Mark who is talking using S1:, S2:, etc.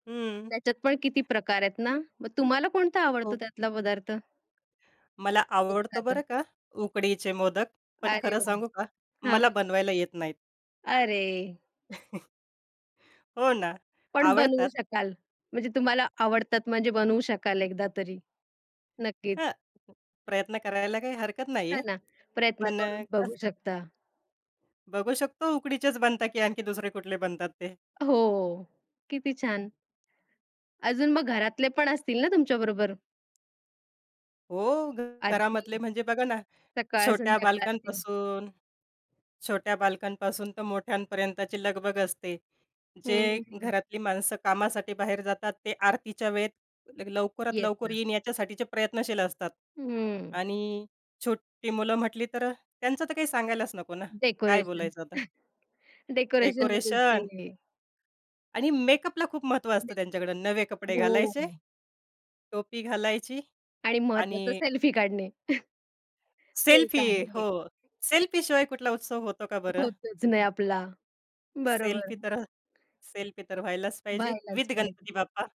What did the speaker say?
S1: हं.
S2: त्याच्यात पण किती प्रकार आहेत ना, मग तुम्हाला कोणता
S1: ओ
S2: आवडतो त्यातला पदार्थ?
S1: मला आवडतो बरं
S2: एखादं.
S1: का उकडीचे मोदक, पण
S2: अरे
S1: खरं
S2: वाह!
S1: सांगू का मला
S2: हां.
S1: बनवायला येत नाहीत.
S2: अरे!
S1: हो ना,
S2: पण बनवू
S1: आवडतात.
S2: शकाल. म्हणजे तुम्हाला आवडतात, म्हणजे बनवू शकाल एकदा तरी. नक्कीच.
S1: हां, प्रयत्न करायला काही हरकत नाहीये,
S2: हां ना, प्रयत्न
S1: पण अ,
S2: करून बघू
S1: कसं
S2: शकता.
S1: बघू शकतो उकडीचेच बनतात, की आणखी दुसरे कुठले बनतात ते.
S2: हो. किती छान. अजून मग घरातले पण असतील ना, तुमच्याबरोबर?
S1: हो,
S2: आरती.
S1: घरामधले म्हणजे बघा ना,
S2: सकाळ,
S1: छोट्या
S2: संध्याकाळची.
S1: बालकांपासून छोट्या बालकांपासून ते मोठ्यांपर्यंतची लगबग असते.
S2: हं,
S1: जे
S2: हं, हं.
S1: घरातली माणसं कामासाठी बाहेर जातात, ते आरतीच्या वेळेत लवकरात
S2: येस,
S1: लवकर
S2: येस.
S1: येईन याच्यासाठीचे प्रयत्नशील असतात
S2: हं.
S1: आणि छोटी मुलं म्हटली तर अ, त्यांचं तर काही सांगायलाच नको ना, काय
S2: डेकोरेशन.
S1: बोलायचं आता.
S2: डेकोरेशनमध्येच
S1: डेकोरेशन.
S2: ते.
S1: आणि मेकअपला खूप महत्व असतं
S2: मेकअप.
S1: त्यांच्याकडं. नवे कपडे
S2: हो.
S1: घालायचे, टोपी घालायची
S2: आणि महत्वाचं
S1: आणि
S2: सेल्फी काढणे. ते एक
S1: सेल्फी.
S2: आहे.
S1: हो, सेल्फीशिवाय कुठला उत्सव होतो का बरं?
S2: होतच नाही आपला. बरोबर.
S1: सेल्फी तर सेल्फी तर व्हायलाच पाहिजे,
S2: व्हायलाच
S1: विथ गणपती
S2: पाहिजे.
S1: बाप्पा.